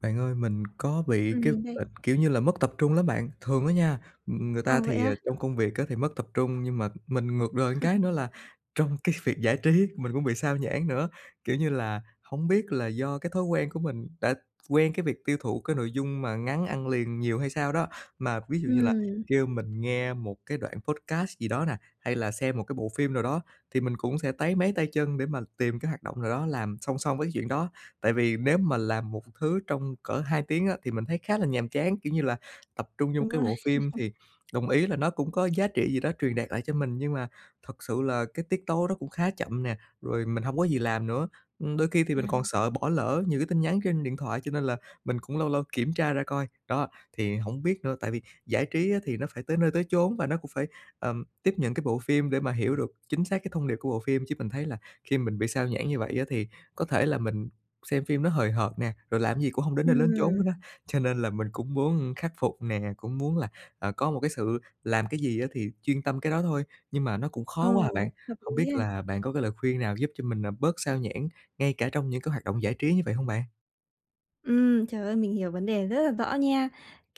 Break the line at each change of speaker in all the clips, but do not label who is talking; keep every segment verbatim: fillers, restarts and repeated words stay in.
Bạn ơi, mình có bị
Ừm,
cái b
mình đây.
kiểu như là, mất tập trung lắm bạn, thường á nha, ừm, ừm, người ta
Ờ, vậy
thì,
á?
à, trong công việc á thì mất tập trung, nhưng mà mình ngược đời một cái nữa là trong cái việc giải trí mình cũng bị sao nhãng nữa. Kiểu như là, hổng biết là do cái thói quen của mình đã quen cái việc tiêu thụ cái nội dung mà ngắn ăn liền nhiều hay sao đó mà ví dụ như là
Ừm.
kêu mình nghe một cái đoạn podcast gì đó nè, hay là xem một cái bộ phim nào đó thì mình cũng sẽ táy máy tay chân để mà tìm cái hoạt động nào đó làm song song với cái chuyện đó. Tại vì nếu mà làm một thứ trong cỡ hai tiếng á thì mình thấy khá là nhàm chán. Kiểu như là, tập trung vô một
Đúng
cái
rồi.
bộ phim thì đồng ý là nó cũng có giá trị gì đó truyền đạt lại cho mình nhưng mà thật sự là cái tiết tấu nó cũng khá chậm nè, rồi mình hông có gì làm nữa. Ừm, đôi khi thì mình còn
À.
sợ bỏ lỡ nhiều cái tin nhắn trên điện thoại cho nên là mình cũng lâu lâu kiểm tra ra coi. Đó, thì hổng biết nữa, tại vì giải trí á thì nó phải tới nơi tới chốn và nó cũng phải, ờm, tiếp nhận cái bộ phim để mà hiểu được chính xác cái thông điệp của bộ phim chứ mình thấy là khi mình bị sao nhãng như vậy á thì có thể là mình xem phim nó hời hợt nè, rồi làm cái gì cũng hông đến nơi lến chốn
Ừm.
hết á. Cho nên là mình cũng muốn khắc phục nè, cũng muốn là, à, có một cái sự làm cái gì á thì chuyên tâm cái đó thôi, nhưng mà nó cũng
Ừ,
khó quá à bạn.
hợp
Hổng
lý
biết
ha.
là bạn có cái lời khuyên nào giúp cho mình, à, bớt sao nhãng ngay cả trong những cái hoạt động giải trí như vậy hông bạn?
Ừm, trời ơi! Mình hiểu vấn đề rất là rõ nha.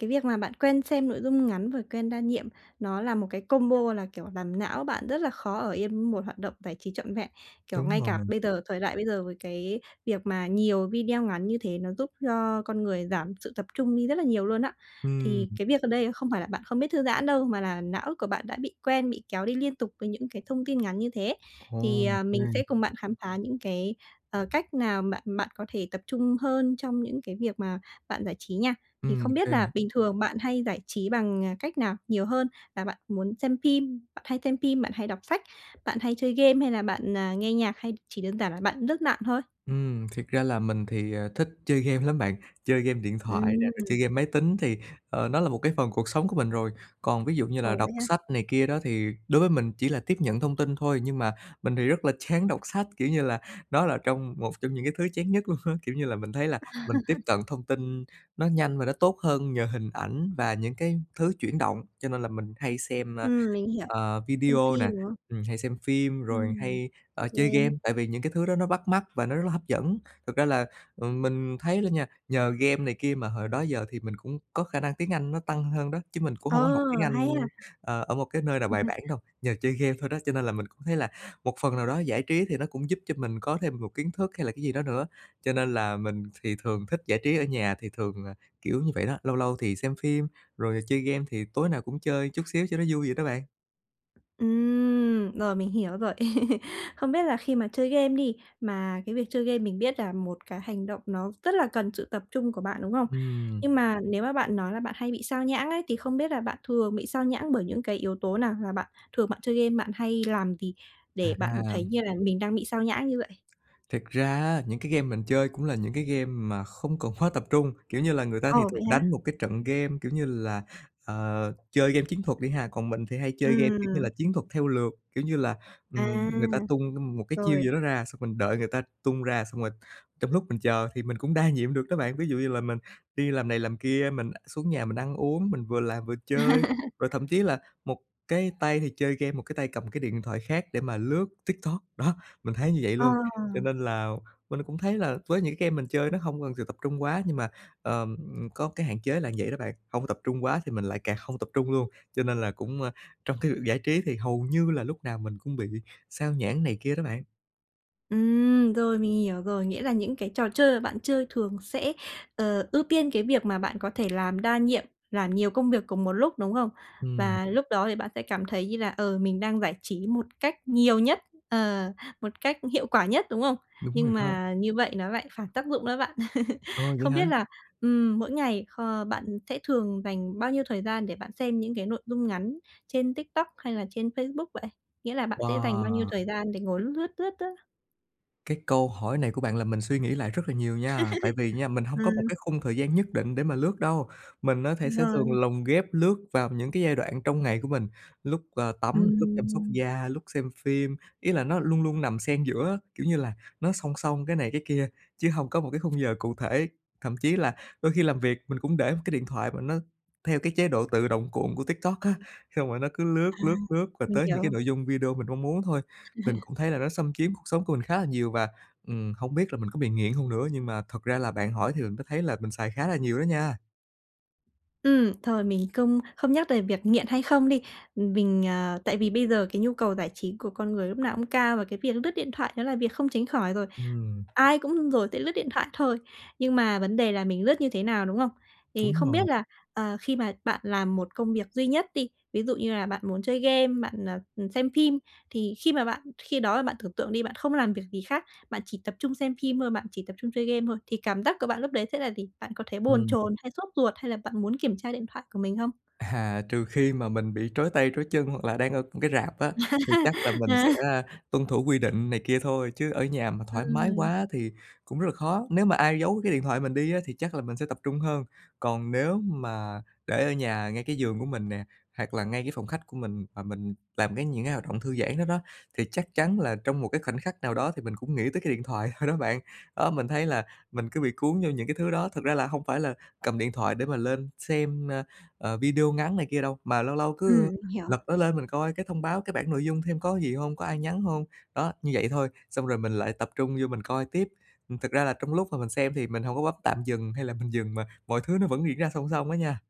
Cái việc mà bạn quen xem nội dung ngắn và quen đa nhiệm, nó là một cái combo là kiểu làm não bạn rất là khó ở yên một hoạt động giải trí trọn vẹn. Kiểu,
Đúng
ngay
rồi.
cả bây giờ, thời đại bây giờ với cái việc mà nhiều video ngắn như thế, nó giúp cho con người giảm sự tập trung đi rất là nhiều luôn á. Thì
Ừm.
cái việc ở đây không phải là bạn không biết thư giãn đâu, mà là não của bạn đã bị quen, bị kéo đi liên tục với những cái thông tin ngắn như thế.
Ô
Thì, ờ,
kê.
mình sẽ cùng bạn khám phá những cái, ờ, cách nào bạn bạn có thể tập trung hơn trong những cái việc mà bạn giải trí nha. Thì
Ừm, ô
không biết
kê.
là bình thường bạn hay giải trí bằng, à, cách nào nhiều hơn? Là bạn muốn xem phim, bạn hay xem phim, bạn hay đọc sách, bạn hay chơi game hay là bạn, à, nghe nhạc, hay chỉ đơn giản là bạn lướt mạng thôi?
Ừm, thiệt ra là mình thì, à, thích chơi game lắm bạn, chơi game điện thoại nè, rồi chơi
Ừm.
game máy tính, thì, ờ, nó là một cái phần cuộc sống của mình rồi. Còn ví dụ như là
Ồ!
đọc
Vậy ha?
sách này kia đó, thì đối với mình chỉ là tiếp nhận thông tin thôi, nhưng mà mình thì rất là chán đọc sách, kiểu như là, đó là trong một trong những cái thứ chán nhất luôn á. Kiểu như là, mình thấy là mình tiếp
À.
tận thông tin nó nhanh và nó tốt hơn nhờ hình ảnh, và những cái thứ chuyển động, cho nên là mình hay xem, a,
Ừm, mình hiểu.
ờ,
Xem
video nè,
phim, đúng không?
ừm, hay xem phim rồi
Ừm.
hay,
G
ơ, chơi game.
game.
Tại vì những cái thứ đó nó bắt mắt và nó rất là hấp dẫn. Thực ra là, ừm, mình thấy đó nha, nhờ game này kia mà hồi đó giờ thì mình cũng có khả năng tiếng Anh nó tăng hơn đó, chứ mình cũng
Ờ,
hông có học tiếng
hay ha!
Anh, ờ, ở một cái nơi nào
Ừm
bài
hưm.
bản đâu, nhờ chơi game thôi đó, cho nên là mình cũng thấy là một phần nào đó giải trí thì nó cũng giúp cho mình có thêm một kiến thức hay là cái gì đó nữa. Cho nên là mình thì thường thích giải trí ở nhà, thì thường là kiểu như vậy đó, lâu lâu thì xem phim, rồi chơi game thì tối nào cũng chơi chút xíu cho nó vui vậy đó bạn.
Ừm. Rồi, mình hiểu rồi. Không biết là khi mà chơi game đi, mà cái việc chơi game mình biết là một cái hành động, nó rất là cần sự tập trung của bạn, đúng không?
Ừm.
Nhưng mà nếu mà bạn nói là bạn hay bị sao nhãng ấy, thì không biết là bạn thường bị sao nhãng bởi những cái yếu tố nào? Là bạn thường bạn chơi game bạn hay làm gì? Để bạn
À.
thấy như là mình đang bị sao nhãng như vậy?
Thiệt ra á, những cái game mình chơi cũng là những cái game mà không cần quá tập trung. Kiểu như là, người ta thì
Ờ,
thường
vậy hả?
đánh một cái trận game, kiểu như là ờ, chơi game chiến thuật đi ha, còn mình thì hay chơi game, kiểu như là,
Ừm.
chiến thuật theo lượt. Kiểu như là,
À.
ừm, người ta tung đ một cái chiêu
Rồi.
gì đó ra, xong mình đợi người ta tung ra, xong rồi trong lúc mình chờ thì mình cũng đa nhiệm được đó bạn. Ví dụ như là mình đi làm này làm kia, mình xuống nhà mình ăn uống, mình vừa làm vừa chơi, rồi thậm chí là một cái tay thì chơi game, một cái tay cầm cái điện thoại khác để mà lướt TikTok. Đó, mình thấy như vậy
Ờ.
luôn, cho nên là mình cũng thấy là với những cái game mình chơi, nó hông cần sự tập trung quá. Nhưng mà, ờm, có cái hạn chế là vậy đó bạn, không tập trung quá thì mình lại càng không tập trung luôn, cho nên là cũng, ơ, trong cái việc giải trí thì hầu như là lúc nào mình cũng bị sao nhãng này kia đó bạn.
Ừm, rồi, mình hiểu rồi. Nghĩa là những cái trò chơi mà bạn chơi thường sẽ, ờ, ưu tiên cái việc mà bạn có thể làm đa nhiệm, làm nhiều công việc cùng một lúc, đúng không?
Ừm.
Và lúc đó thì bạn sẽ cảm thấy như là, ờ, mình đang giải trí một cách nhiều nhất, ờ, một cách hiệu quả nhất, đúng không?
Đúng
Nhưng
rồi đó.
mà như vậy nó lại phản tác dụng đó bạn.
Ồ! Vậy
Không biết
hả?
là, ừm, mỗi ngày kh bạn sẽ thường dành bao nhiêu thời gian để bạn xem những cái nội dung ngắn trên TikTok, hay là trên Facebook vậy? Nghĩa là bạn sẽ dành bao nhiêu
Wow!
thời gian để ngồi lướt, lướt, lướt á?
Cái câu hỏi này của bạn làm mình suy nghĩ lại rất là nhiều nha. Tại vì nha, mình hông có một
Ừm.
cái khung thời gian nhất định để mà lướt đâu, mình á thể sẽ thường
Vâng.
lồng ghép lướt vào những cái giai đoạn trong ngày của mình, lúc, ờ, tắm, lúc chăm sóc
Ừm.
da, lúc xem phim. Ý là nó luôn luôn nằm xen giữa á, kiểu như là, nó song song cái này cái kia, chứ hông có một cái khung giờ cụ thể. Thậm chí là đôi khi làm việc, mình cũng để một cái điện thoại, mà nó theo cái chế độ tự động cuộn của TikTok á, xong rồi nó cứ lướt,
À,
lướt, lướt, và
mình
tới những cái
hiểu.
nội dung video mình mong muốn thôi. Tình cũng thấy là nó xâm chiếm cuộc sống của mình khá là nhiều và, ừm, hông biết là mình có bị nghiện hông nữa, nhưng mà thật ra là bạn hỏi thì mình mới thấy là mình xài khá là nhiều đó nha.
Ừm, thôi, mình không không nhắc về việc nghiện hay không đi, mình ờ, tại vì bây giờ cái nhu cầu giải trí của con người lúc nào cũng cao, và cái việc lướt điện thoại đó là việc không tránh khỏi rồi,
Ừm.
ai cũng rồi sẽ lướt điện thoại thôi. Nhưng mà vấn đề là mình lướt như thế nào, đúng không? Thì
Đúng
không
rồi.
biết là, ờ, khi mà bạn làm một công việc duy nhất đi, ví dụ như là bạn muốn chơi game, bạn, ờ, ừm, xem phim, thì khi mà bạn khi đó là bạn tưởng tượng đi, bạn không làm việc gì hác, bạn chỉ tập trung xem phim thôi, bạn chỉ tập trung chơi game thôi, thì cảm giác của bạn lúc đấy sẽ là gì? Bạn có thấy bồn
Ừm.
chồn hay sốt ruột? Hay là bạn muốn kiểm tra điện thoại của mình không?
À, trừ khi mà mình bị trói tay trói chân, hoặc là đang ở m cái rạp á, thì chắc là mình sẽ, a, tuân thủ quy định này kia thôi, chứ ở nhà mà thoải mái
Ừm.
quá thì cũng rất là khó. Nếu mà ai giấu cái điện thoại mình đi á, thì chắc là mình sẽ tập trung hơn, còn nếu mà để ở nhà, ngay cái giường của mình nè, hoặc là ngay cái phòng khách của mình, mà mình làm cái những cái hoạt động thư giãn đó đó, thì chắc chắn là trong một cái khoảnh khắc nào đó, thì mình cũng nghĩ tới cái điện thoại thôi đó bạn. Đó, mình thấy là mình cứ bị cuốn vô những cái thứ đó. Thực ra là hông phải là cầm điện thoại để mà lên xem, a, ờ, video ngắn này kia đâu, mà lâu lâu
Ừm,
cứ, ơ,
mình hiểu.
lật nó lên mình coi cái thông báo, cái bảng nội dung xem có cái gì hông, có ai nhắn hông. Đó, như vậy thôi xong rồi mình lại tập trung vô mình coi tiếp. Ừm, thực ra là trong lúc mà mình xem thì mình hổng có bấm tạm dừng, hay là mình dừng, mà mọi thứ nó vẫn diễn ra song song á nha.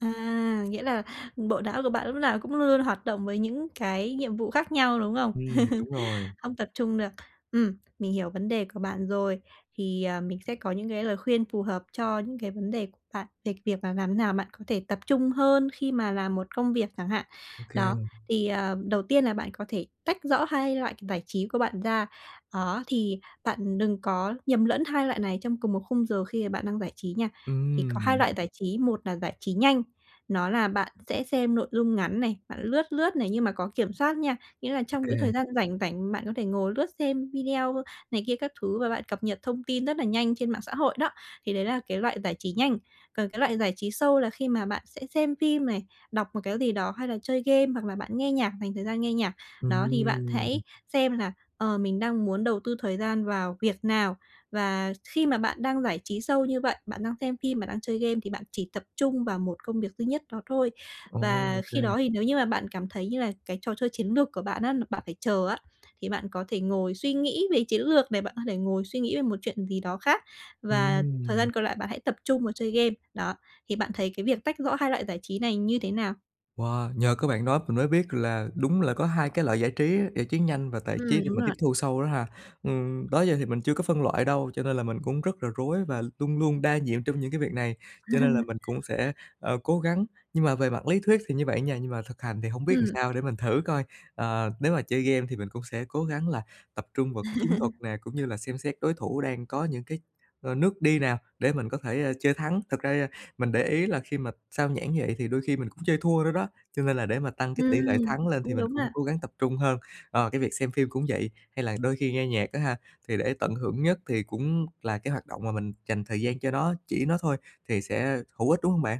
À, nghĩa là bộ não của bạn lúc nào cũng luôn luôn hoạt động với những cái nhiệm vụ khác nhau, đúng không?
Ừm, đúng rồi.
Không tập trung được, ừm, mình hiểu vấn đề của bạn rồi. Thì, ờ, mình sẽ có những cái lời khuyên phù hợp cho những cái vấn đề của bạn, về việc mà làm thế nào bạn có thể tập trung hơn khi mà làm một công việc chẳng hạn.
Ô
Đó,
kê.
thì, ờ, đầu tiên là bạn có thể tách rõ hai loại giải trí của bạn ra, đó, thì bạn đừng có nhầm lẫn hai loại này trong cùng một khung giờ khi mà bạn đang giải trí nha. Thì có hai
Ừm.
loại giải trí, một là giải trí nhanh, nó là bạn sẽ xem nội dung ngắn này, bạn lướt lướt này nhưng mà có kiểm soát nha, nghĩa là
Ô
trong cái
kê.
thời gian rảnh rảnh bạn có thể ngồi lướt xem video này kia các thứ và bạn cập nhật thông tin rất là nhanh trên mạng xã hội đó, thì đấy là cái loại giải trí nhanh. Còn cái loại giải trí sâu là khi mà bạn sẽ xem phim này, đọc một cái gì đó, hay là chơi game, hoặc là bạn nghe nhạc dành thời gian nghe nhạc. Đó, thì bạn hãy
Ừm.
xem là, ờ, mình đang muốn đầu tư thời gian vào việc nào? Và khi mà bạn đang giải trí sâu như vậy, bạn đang xem phim, bạn đang chơi game thì bạn chỉ tập trung vào một công việc duy nhất đó thôi.
Ồ, ô
Và
kê.
khi đó thì nếu như mà bạn cảm thấy như là cái trò chơi chiến lược của bạn á, n bạn phải chờ á, thì bạn có thể ngồi suy nghĩ về chiến lược này, bạn có thể ngồi suy nghĩ về một chuyện gì đó khác và thời
Ừm.
gian còn lại bạn hãy tập trung vào chơi game, đó. Thì bạn thấy cái việc tách rõ hai loại giải trí này như thế nào?
Wow, nhờ có bạn nói mình mới biết là đúng là có hai cái loại giải trí á, giải trí nhanh và tải trí
Ừm,
để
đúng
mình tiếp
rồi.
thu sâu đó ha. Ừm, đó giờ thì mình chưa có phân loại đâu cho nên là mình cũng rất là rối và luôn luôn đa nhiệm trong những cái việc này, cho nên là mình cũng sẽ, ờ, cố gắng. Nhưng mà về mặt lý thuyết thì như vậy nha, nhưng mà thực hành thì hông biết làm
Ừm.
sao, để mình thử coi. Ờ, nếu mà chơi game thì mình cũng sẽ cố gắng là tập trung vào cái chiến thuật nè cũng như là xem xét đối thủ đang có những cái, ờ, nước đi nào để mình có thể, a, chơi thắng. Thực ra da mình để ý là khi mà sao nhãng như vậy thì đôi khi mình cũng chơi thua nữa đó, cho nên là để mà tăng cái tỷ lệ
Ừm,
thắng lên thì
cũng
mình
đúng
cũng
ha.
cố gắng tập trung hơn. Ờ, cái việc xem phim cũng vậy hay là đôi khi nghe nhạc á ha, thì để tận hưởng nhất thì cũng là cái hoạt động mà mình dành thời gian cho nó, chỉ nó thôi thì sẽ hữu ích, đúng hông bạn?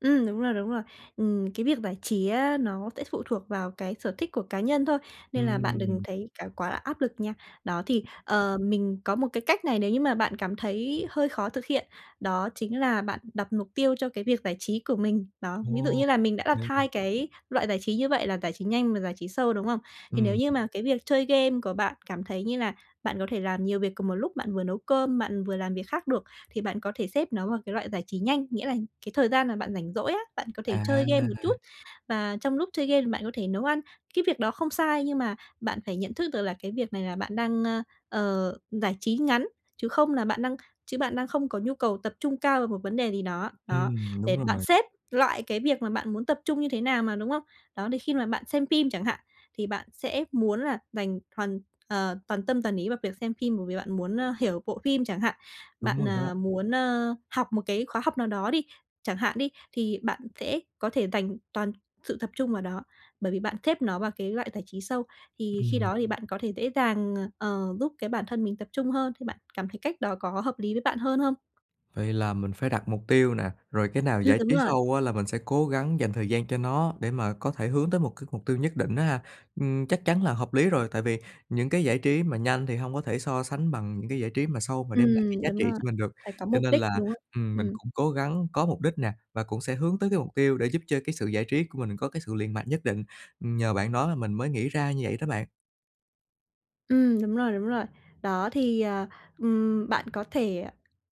Ừm, đúng rồi, đúng rồi. Ừm, cái việc giải trí á nó sẽ phụ thuộc vào cái sở thích của cá nhân thôi, nên là bạn đừng
Ừm.
thấy cá quá là áp lực nha. Đó, thì, ờ, mình có một cái cách này nếu như mà bạn cảm thấy hơi khó thực hiện, đó chính là bạn đặt mục tiêu cho cái việc giải trí của mình. Đó, ví dụ
Ồ,
như là mình
ô
đã đặt
kê.
hai cái loại giải trí như vậy là giải trí nhanh và giải trí sâu, đúng không? Thì nếu
Ừm.
như mà cái việc chơi game của bạn cảm thấy như là bạn có thể làm nhiều việc cùng một lúc bạn vừa nấu cơm, bạn vừa làm việc khác được, thì bạn có thể xếp nó vào cái loại giải trí nhanh, nghĩa là cái thời gian mà bạn rảnh rỗi á, bạn có thể chơi game một chút,
À.
và trong lúc chơi game thì bạn có thể nấu ăn. Cái việc đó không sai nhưng mà bạn phải nhận thức được là cái việc này là bạn đang, ơ, ờ, giải trí ngắn, chứ không là bạn đang chứ bạn đang không có nhu cầu tập trung cao vào một vấn đề gì đó. Đó,
Ừm, đúng
để bạn
rồi.
xếp loại cái việc mà bạn muốn tập trung như thế nào mà, đúng không? Đó, đôi khi mà bạn xem phim chẳng hạn, thì bạn sẽ muốn là dành hoàn ờ, toàn tâm toàn ý vào việc xem phim bởi vì bạn muốn, ơ, hiểu bộ phim chẳng hạn,
Đúng
bạn,
rồi đó.
à, muốn, ơ, học một cái khóa học nào đó đi, chẳng hạn đi, thì bạn sẽ có thể dành toàn sự tập trung vào đó. Bởi vì bạn xếp nó vào cái loại giải trí sâu. Thì khi
Ừm.
đó thì bạn có thể dễ dàng, ờ, giúp cái bản thân mình tập trung hơn thì bạn cảm thấy cách đó có hợp lý với bạn hơn không?
Vậy là mình phải đặt mục tiêu nè, rồi cái nào
Ừm,
giải
đúng
trí
rồi.
sâu á là mình sẽ cố gắng dành thời gian cho nó để mà có thể hướng tới một cái mục tiêu nhất định á ha. Ừm, chắc chắn là hợp lý rồi tại vì những cái giải trí mà nhanh thì hông có thể so sánh bằng những cái giải trí mà sâu mà đem lại cái
Ừm,
giá
đúng
trị
rồi,
cho mình được,
phải có
cho
mục
nên
đích,
là,
đúng không?
ừm, mình
Ừm.
cũng cố gắng có mục đích nè và cũng sẽ hướng tới cái mục tiêu để giúp cho cái sự giải trí của mình có cái sự liện mạnh nhất định. Ừm, nhờ bạn nói mà mình mới nghĩ ra như vậy đó bạn.
Ừm, đúng rồi, đúng rồi. Đó, thì, ờ, ừm, bạn có thể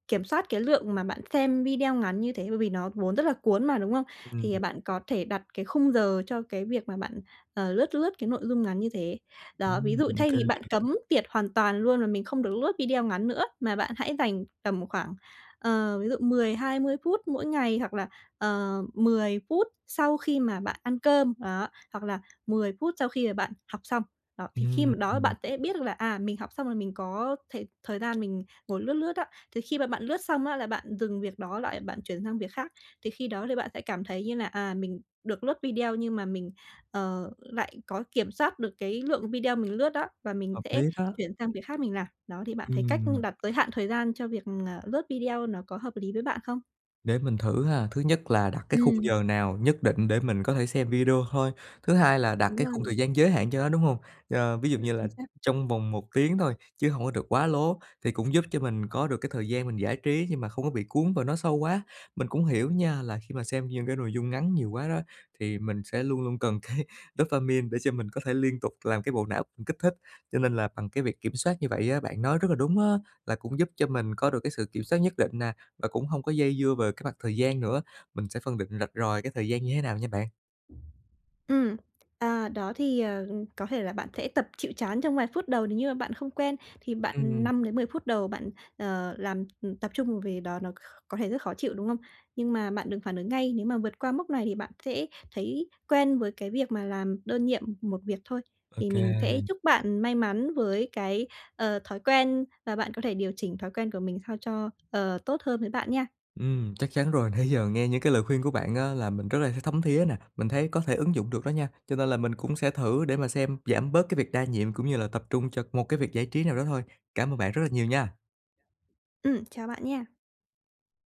kiểm soát cái lượng mà bạn xem video ngắn như thế bởi vì nó vốn rất là cuốn mà, đúng không?
Ừm.
Thì bạn có thể đặt cái khung giờ cho cái việc mà bạn, ờ, lướt lướt cái nội dung ngắn như thế. Đó, ví
Ừm,
dụ
ô
thay
kê.
vì bạn cấm tiệt hoàn toàn luôn và mình không được lướt video ngắn nữa, mà bạn hãy dành tầm khoảng, ờ, ví dụ mười hai mươi phút mỗi ngày hoặc là, ờ, mười phút sau khi mà bạn ăn cơm, đó, hoặc là mười phút sau khi mà bạn học xong. Đó, thì khi mà đó
Ừm.
bạn sẽ biết được là, à, mình học xong là mình có thể thời gian mình ngồi lướt lướt á. Thì khi mà bạn lướt xong á là bạn dừng việc đó lại, bạn chuyển sang việc khác. Thì khi đó thì bạn sẽ cảm thấy như là, à, mình được lướt video nhưng mà mình, ờ, lại có kiểm soát được cái lượng video mình lướt đó và mình
Hợp
sẽ
lý đó.
chuyển sang việc khác mình làm. Đó, thì bạn thấy cách
Ừm.
đặt tới hạn thời gian cho việc, ờ, lướt video nó có hợp lý với bạn không?
Để mình thử ha. Thứ nhất là đặt cái khung
Ừm.
giờ nào nhất định để mình có thể xem video thôi, thứ hai là đặt
Đúng
cái khung
rồi.
thời gian giới hạn cho nó, đúng hông? Ờ, ví dụ
[unintelligible]
như là
Chính xác.
trong vòng một tiếng thôi chứ hông có được quá lố, thì cũng giúp cho mình có được cái thời gian mình giải trí nhưng mà không có bị cuốn vào nó sâu quá. Mình cũng hiểu nha, là khi mà xem những cái nội dung ngắn nhiều quá đó, thì mình sẽ luôn luôn cần cái dopamine để cho mình có thể liên tục làm cái bộ não mình kích thích. Cho nên là bằng cái việc kiểm soát như vậy á, bạn nói rất là đúng á, là cũng giúp cho mình có được cái sự kiểm soát nhất định nè, và cũng hông có dây dưa về cái mặt thời gian nữa. Mình sẽ phân định rạch ròi cái thời gian như thế nào nha bạn.
Ừm, à, đó thì, ờ, có thể là bạn sẽ tập chịu chán trong vài phút đầu nếu như mà bạn không quen, thì bạn
Ừm.
năm đến mười phút đầu bạn, ờ, làm tập trung về đó, nó c có thể rất khó chịu, đúng không? Nhưng mà bạn đừng phản ứng ngay. Nếu mà vượt qua mốc này thì bạn sẽ thấy quen với cái việc mà làm đơn nhiệm một việc thôi.
Ô
Thì mình sẽ
kê.
chúc bạn may mắn với cái, ờ, thói quen và bạn có thể điều chỉnh thói quen của mình sao cho, ờ, tốt hơn với bạn nha.
Ừm, chắc chắn rồi. Nãy giờ nghe những cái lời khuyên của bạn á là mình rất là th thấm thía này, mình thấy có thể ứng dụng được đó nha, cho nên là mình cũng sẽ thử để mà xem giảm bớt cái việc đa nhiệm cũng như là tập trung cho một cái việc giải trí nào đó thôi. Cảm ơn bạn rất là nhiều nha!
Ừm, chào bạn nha!